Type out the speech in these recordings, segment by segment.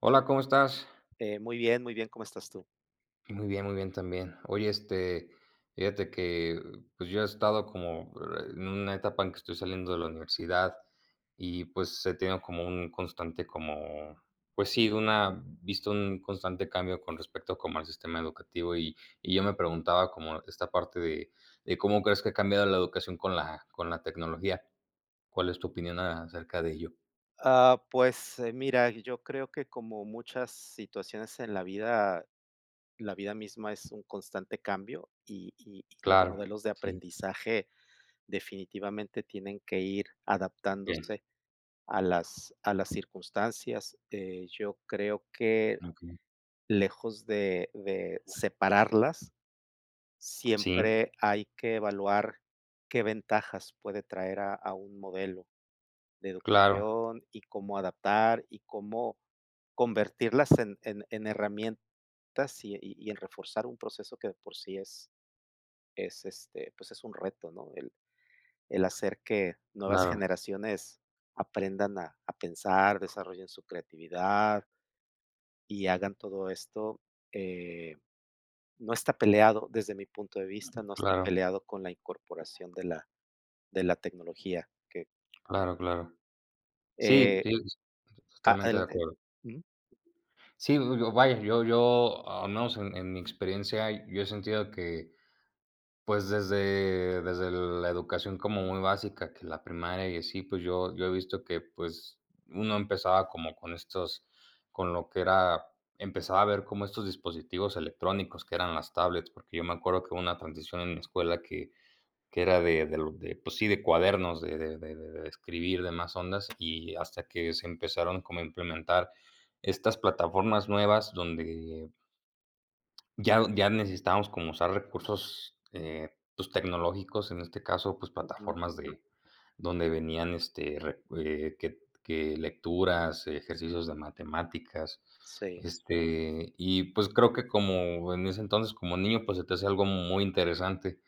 Hola, ¿cómo estás? Eh, muy bien, muy bien, ¿cómo estás tú? Muy bien, muy bien también. Oye, este, fíjate que, pues, yo he estado como en una etapa en que estoy saliendo de la universidad, y pues he tenido como un constante, como pues sí, de una visto un constante cambio con respecto como al sistema educativo. Y y yo me preguntaba cómo esta parte de de ¿cómo crees que ha cambiado la educación con la con la tecnología? ¿Cuál es tu opinión acerca de ello? Ah, pues mira, yo creo que, como muchas situaciones en la vida, la vida misma es un constante cambio. Y y y los Claro, modelos de sí. aprendizaje definitivamente tienen que ir Okey. adaptándose a las a las circunstancias. Eh, yo creo que, Okey. lejos de de separarlas, Sí. siempre hay que evaluar qué ventajas puede traer a a un modelo de Claro. educación y cómo adaptar, y cómo convertirlas en en en herramientas. Y y y en reforzar un proceso que, de por sí, es es, este, pues, es un reto, ¿no? El el hacer que nuevas Claro. generaciones aprendan a a pensar, desarrollen su creatividad y hagan todo esto. Eh, no está peleado, desde mi punto de vista, no está Claro. peleado con la incorporación de la de la tecnología que Claro, claro. Sí, Eh, sí, a totalmente de adelante. acuerdo. Ujú. Sí, yo yo vaya yo yo al menos en en mi experiencia, yo he sentido que pues desde desde la educación como muy básica, que la primaria y así pues yo yo he visto que pues uno empezaba como con estos con lo que era empezaba a ver como estos dispositivos electrónicos que eran las tablets, porque yo me acuerdo que hubo una transición en la escuela que que era de de de, pues sí, de cuadernos de de de de de escribir de más ondas y hasta que se empezaron como a implementar estas plataformas nuevas donde ya ya necesitábamos como usar recursos, eh, pues tecnológicos en este caso, pues Ujú. plataformas de donde venían este re eh, que que lecturas, ejercicios de matemáticas, Sí. este y pues creo que como en ese entonces como niño, pues se te hace algo muy interesante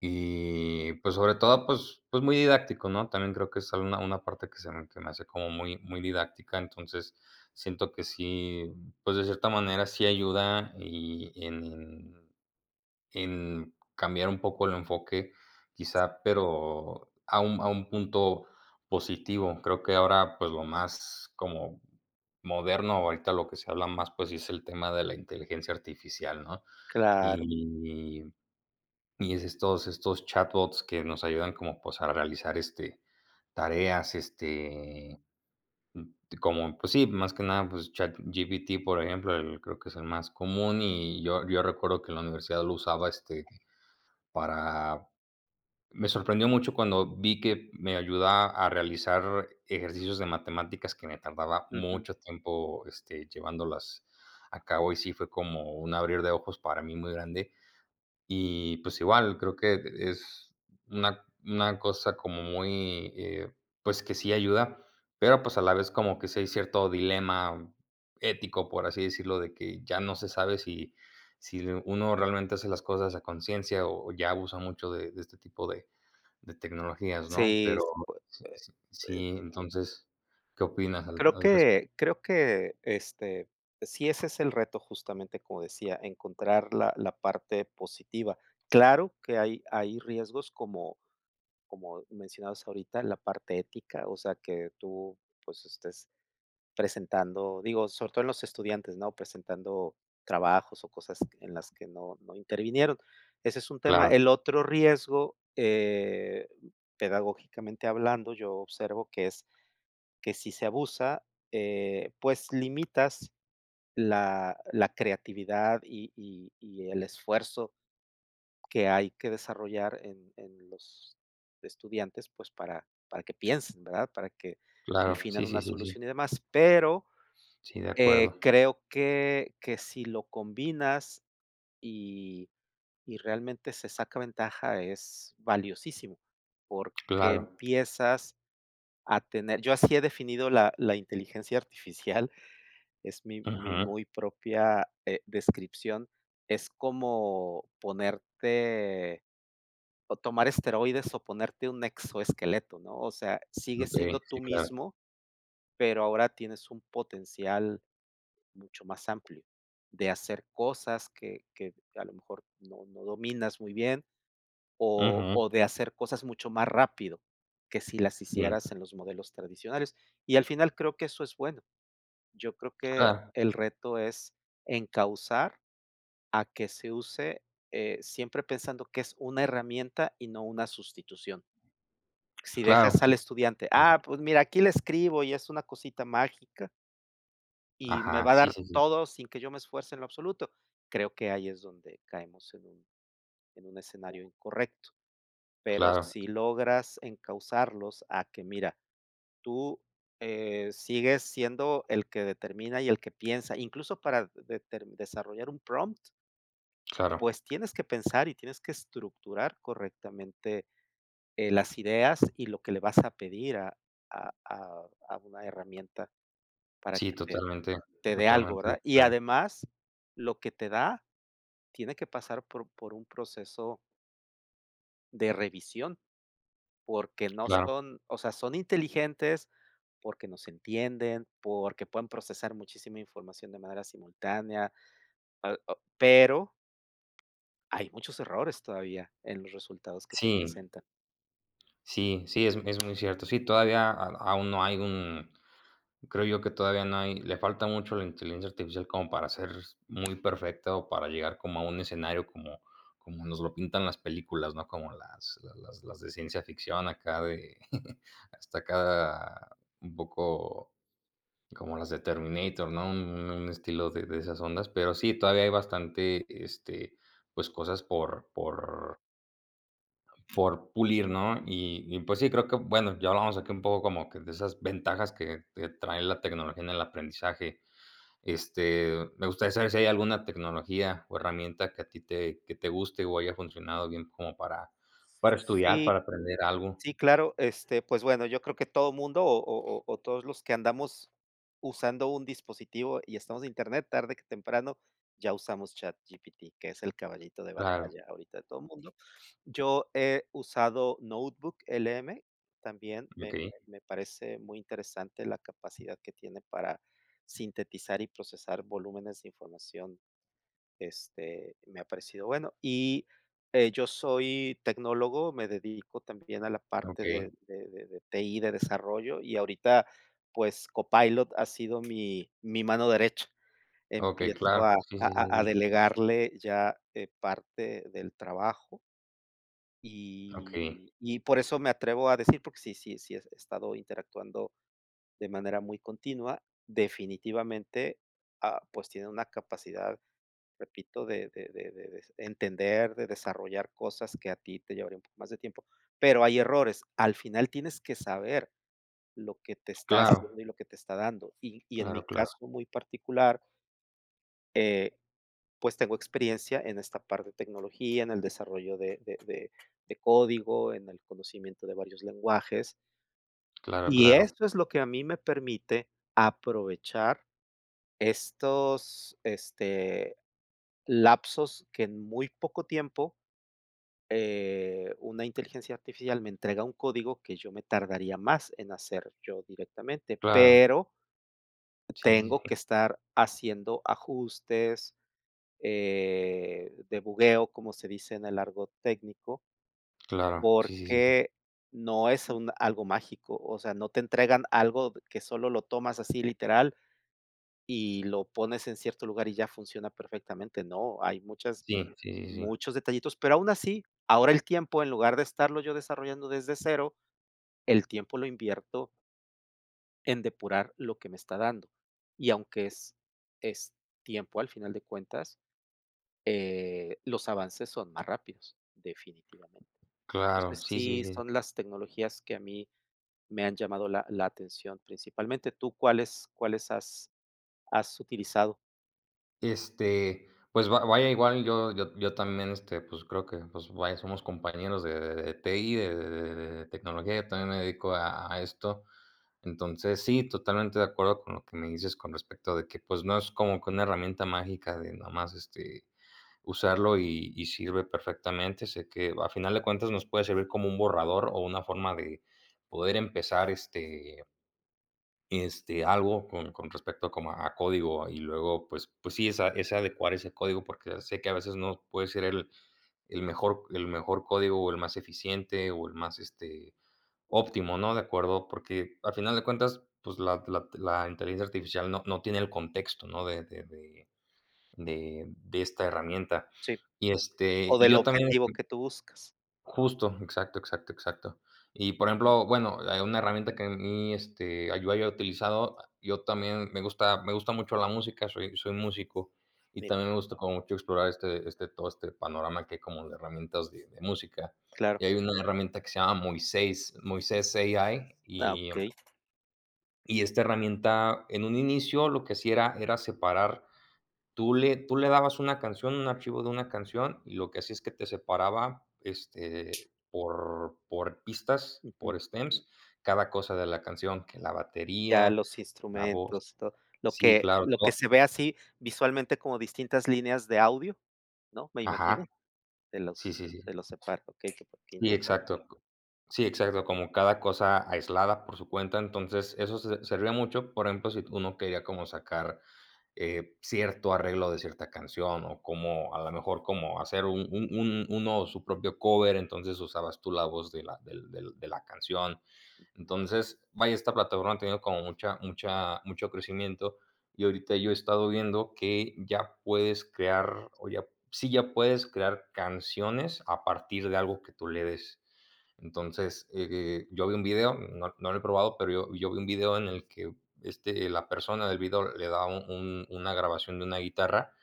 y pues sobre todo, pues pues muy didáctico, ¿no? También creo que es una parte que se me hace como muy muy didáctica, entonces siento que sí, pues de cierta manera sí ayuda y en en cambiar un poco el enfoque, Sí. quizá, pero a un a un punto positivo. Creo que ahora, pues lo más como moderno ahorita lo que se habla más, pues es el tema de la inteligencia artificial, ¿no? Claro. Y y estos estos chatbots que nos ayudan como pues a realizar este tareas, este, como, pues sí, más que nada, pues ChatGPT, por ejemplo, creo que es el más común y yo yo recuerdo que la universidad lo usaba este para. Me sorprendió mucho cuando vi que me ayuda a realizar ejercicios de matemáticas que me tardaba Ujú. mucho tiempo, este, llevándolas a cabo y sí, fue como un abrir de ojos para mí muy grande. Y pues igual, creo que es una una cosa como muy, eh, pues que sí ayuda, pero pues a la vez como que si hay cierto dilema ético, por así decirlo, de que ya no se sabe si si uno realmente hace las cosas a conciencia o o ya abusa mucho de de este tipo de de tecnologías, ¿no? Sí, Pero pue sí sí eh, eh sí, entonces, ¿qué opinas al Creo al respecto? que creo que, este, sí, ese es el reto, justamente, como decía encontrar la la parte positiva. Claro que hay hay riesgos como como mencionados ahorita la parte ética. O sea, que tú pues estés presentando, digo sobre todo en los estudiantes, ¿no?, presentando trabajos o cosas en las que no no intervinieron. Ese es un tema. Claro. El otro riesgo, eh, pedagógicamente hablando, yo observo que es que si se abusa, eh, pues limitas la la creatividad y y y el esfuerzo que hay que desarrollar en en los estudiantes. Pues para para que piensen, ¿verdad? Para que Claro. definan Sí, una sí, sí, sí. solución y demás, pero, Sí, de eh, acuerdo. creo que que si lo combinas y y realmente se saca ventaja es valiosísimo, porque Claro. empiezas a tener yo así he definido la-la inteligencia artificial es mi mi Ujú. muy propia, eh, descripción es como ponerte o tomar esteroides o ponerte un exoesqueleto ¿no? O sea, sigue Okey. siendo Sí, tú claro. mismo, pero ahora tienes un potencial mucho más amplio de hacer cosas que que a lo mejor no no dominas muy bien o Ujú. o de hacer cosas mucho más rápido, que si las hicieras en los modelos tradicionales y al final creo que eso es bueno. Yo creo que Ah. el reto es encauzar a que se use, eh, siempre pensando que es una herramienta y no una sustitución. Si Claro, dejas sí al estudiante. es Ah, pues mira, aquí le escribo y es una cosita mágica. Y me Ajá. va a Sí, dar sí, sí. todo sin que yo me esfuerce en lo absoluto. Creo que ahí es donde caemos en un en un escenario incorrecto. Pero Claro. si logras encausarlos a que mira, tú, eh, sigues siendo el que determina y el que piensa, incluso, para, deter desarrollar un prompt Claro. pues, tienes que pensar y tienes que estructurar correctamente, eh, las ideas y lo que le vas a pedir a a a a una herramienta para Sí, que te totalmente, te dé algo, totalmente de ¿verdad? Y acuerdo. además, lo que te da tiene que pasar por por un proceso de revisión porque no Claro. son, o sea, son inteligentes porque nos entienden, porque pueden procesar muchísima información de manera simultánea, al o pero, hay muchos errores todavía en los resultados que te Sí. presenta. Sí, sí, es es muy cierto. Sí, todavía, au aún no hay un creo yo que todavía no hay le falta mucho a la inteligencia artificial como para ser s muy perfecta o para llegar como a un escenario como como nos lo pintan las películas, ¿no?, como las la las las de ciencia ficción, acá de hasta acá un poco como las de Terminator, ¿no?, un, u un un estilo de de esas ondas, pero sí, todavía hay bastante, este, pues cosas por por Por pulir, ¿no?, y y pues sí, creo que, bueno, ya hablamos aquí un poco como que de esas ventajas que que trae la tecnología en el aprendizaje, este, me gustaría saber si, ¿hay alguna tecnología o herramienta que a ti te que te guste o haya funcionado bien como para para estudiar, Sí, para aprender algo? sí, claro, este, pues bueno, yo creo que todo mundo o o o o todos los que andamos, usando un dispositivo y estamos en internet tarde que temprano ya usamos ChatGPT, que es el caballito de Claro. batalla ahorita de todo el mundo, yo he usado Notebook LM también me Okey. me me, parece muy interesante la capacidad que tiene para sintetizar y procesar volúmenes de información, este, me ha parecido bueno y, eh, yo soy tecnólogo, me dedico también a la parte Okey. de de de de TI de desarrollo y ahorita, pues, Copilot ha sido mi mi mano derecha, Okey, empiezo a claro, sí, a sí, sí, a a sí. delegarle ya, eh, parte del trabajo Okey. y y por eso me atrevo a decir porque sí sí sí he estado interactuando de manera muy continua, definitivamente, ah, pues, tiene una capacidad, repito de de de de de entender, de desarrollar cosas que a ti te llevaría un poco más de tiempo, pero hay errores, al final tienes que saber, lo que te está haciendo Claro. y lo que te está dando y y en mi Claro, claro. caso muy particular Eh, pues tengo experiencia en esta parte de tecnología, en el desarrollo de de de de código, en el conocimiento de varios lenguajes. Claro, Y claro. esto es lo que a mí me permite aprovechar estos, este, lapsos que en muy poco tiempo, eh, una inteligencia artificial me entrega un código, que yo me tardaría más en hacer, yo directamente, Claro. pero Sí, sí, tengo sí. que estar haciendo ajustes, eh, de bugueo, como se dice en el argot técnico. Claro. Sí, sí, sí, sí. Porque no es un algo mágico. O sea, no te entregan algo que solo lo tomas así literal y lo pones en cierto lugar y ya funciona perfectamente, ¡no! Hay muchas Sí, sí, sí, sí. muchos detallitos, pero aún así, ahora el tiempo en lugar de estarlo yo desarrollando desde cero, el tiempo lo invierto en depurar lo que me está dando y aunque es es tiempo al final de cuentas, eh, los avances son más rápidos. Definitivamente. Claro. Entonces, Sí, sí, sí sí. son las tecnologías que a mí me han llamado la la atención, principalmente, ¿tú cuáles cuáles has has utilizado? Este, pues va vaya igual yo yo t yo también, este, pues creo que pues vaya, somos compañeros de de TI de de de tecnología, yo también me dedico a a esto, entonces, sí, totalmente de acuerdo con lo que me dices con respecto de que, pues no es como que una herramienta mágica de nada más, este, usarlo y y sirve perfectamente, sé que al final de cuentas nos puede servir como un borrador o una forma de poder empezar, este este, algo con con respecto como a código y luego pues pues sí, es a es adecuar ese código porque sé que a veces no puede ser el el mejor el mejor código o el más eficiente o el más, este, óptimo, ¿no?, de acuerdo porque al final de cuentas, pues la la la inteligencia artificial no no tiene el contexto, ¿no?, de de de de de esta herramienta, Sí. y este O y del yo también objetivo que [unintelligible] tú buscas. Justo, exacto, exacto, exacto. Y por ejemplo bueno, hay una herramienta que a mí, este yo haya utilizado, yo también me gusta me gusta mucho la música, soy soy músico y Mira. también me gusta como mucho explorar este este todo este panorama que como de herramientas de de música, Claro. y hay una herramienta que se llama Moisés Moisés AI Ah, y okey. y esta herramienta en un inicio, lo que hacia era era separar. Tú le tú le dabas una canción, un archivo de una canción y lo que hacía es que te separaba, este, por por pistas Ujú. por stems cada cosa de la canción, que la Ya batería, los la voz instrumentos, tod lo Sí, que claro lo que se to ve así visualmente como distintas líneas de audio, ¿no?, me Ajá. imagino, de Sí, los sí, sí. de los separ okey, que Sí, interesan exacto. Sí, exacto, como cada cosa aislada por su cuenta, entonces eso se servía mucho, por ejemplo, si uno quería como sacar, eh, cierto arreglo de cierta canción o como a la mejor como hacer un un un uno su propio cover entonces usabas tú la voz de la del del de la canción, Ujú. entonces, vaya, esta plataforma ha tenido como mucha mucha mucho crecimiento y ahorita yo he estado viendo que ya puedes crear o ya sí ya puedes crear canciones a partir de algo que tú le des, entonces, eh, yo vi un video, no no lo he probado, pero yo yo vi un video en el que, este, la persona del vídeo le da un un una grabación de una guitarra,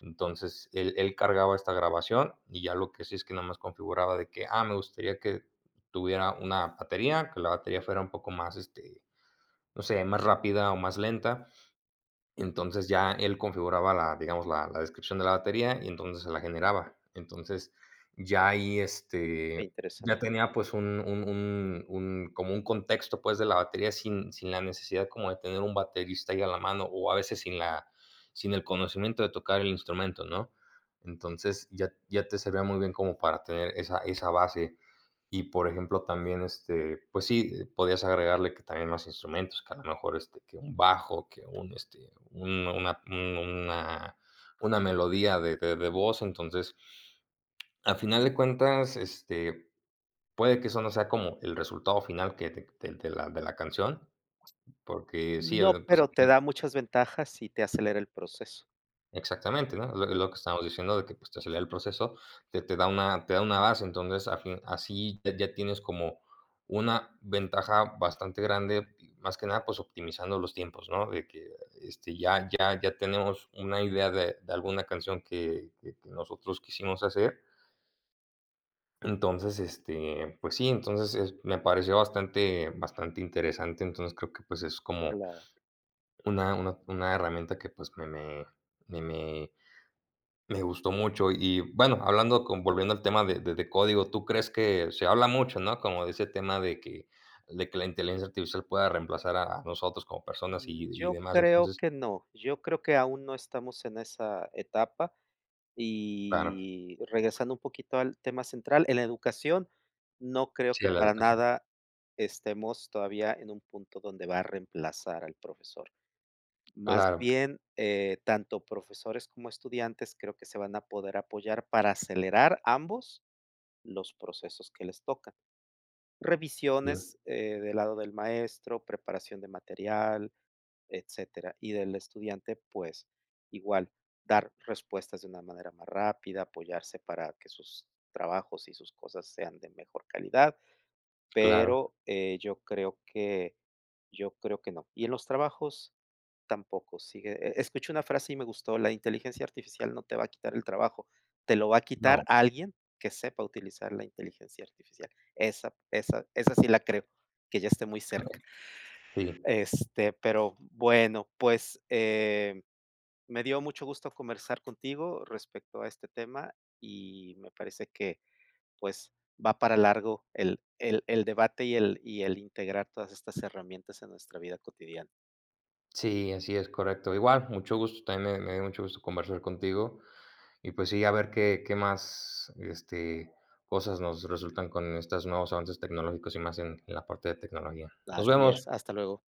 entonces él él cargaba esta grabación y ya, lo que sí es que nomás configuraba de que: "Ah, me gustaría que tuviera una batería, que la batería fuera un poco más, este, no sé, más rápida o más lenta", entonces ya él configuraba la digamos la la descripción de la batería y entonces se la generaba, entonces, ya ahí, Ujú. Qué este, interesante. ya tenía pues un un un un como un contexto, pues de la batería sin sin la necesidad como de tener un baterista ahí a la mano o a veces sin la sin el conocimiento de tocar el instrumento, ¿no?, entonces ya ya te servía muy bien como para tener esa esa base y, por ejemplo, también, este pues sí, podías agregarle que también más instrumentos, que a lo mejor, este, que un bajo, que un, este, un una un una una melodía de de de voz, entonces, al final de cuentas, este, puede que eso no sea como el resultado final que de de de la de la canción porque sí, No, el pues pero aquí te da muchas ventajas y te acelera el proceso. Exactamente, ¿no? lo Pero lo que estamos diciendo de que, pues, te acelera el proceso, te te da una te da una base. Entonces, a fin así de ya tienes como una ventaja bastante grande y, más que nada, pues, optimizando los tiempos, ¿no?, de que, este, ya ya ya tenemos una idea de de alguna canción que que que nosotros quisimos hacer. Entonces, este, pues, sí, entonces es me pareció bastante bastante interesante. Entonces, creo que, pues, es como Claro. una una una herramienta que, pues, me me me me me gustó mucho. Y bueno, hablando con volviendo al tema de de de código, ¿tú crees que se habla mucho, no? Como de ese tema de que de que la inteligencia artificial pueda reemplazar a nosotros como personas y Mm, y yo demás, creo entonces que no. Yo creo que aún no estamos en esa etapa. Claro. Y regresando un poquito al tema central, en la educación, no creo Sí, que a la para educación. nada estemos todavía en un punto donde va a reemplazar al profesor, más Claro. bien, eh, tanto profesores como estudiantes, creo que se van a poder apoyar para acelerar ambos los procesos que les tocan, Sí. revisiones, eh, del lado del maestro, preparación de material, etcétera, y del estudiante, pues, igual, dar respuestas de una manera más rápida, apoyarse para que sus trabajos y sus cosas sean de mejor calidad. Claro. Pero, eh, yo creo que yo creo que, no. Y en los trabajos, tampoco sigue, eh eh, escuché una frase y me gustó: "La inteligencia artificial no te va a quitar el trabajo, te lo va a No. quitar alguien que sepa utilizar la inteligencia artificial". Esa esa esa sí la creo que ya esté muy cerca. Okey, sí. Este, pero bueno, pues, eh, me dio mucho gusto conversar contigo respecto a este tema y me parece que, pues, va para largo el el el debate y el y el integrar todas estas herramientas a nuestra vida cotidiana. Sí, así es, correcto. Igual, mucho gusto, también me me dio mucho gusto conversar contigo y, pues, sí, a ver qué qué más, este, cosas nos resultan con estos nuevos avances tecnológicos y más en en la parte de tecnología. Nos Así es. vemos. Hasta luego.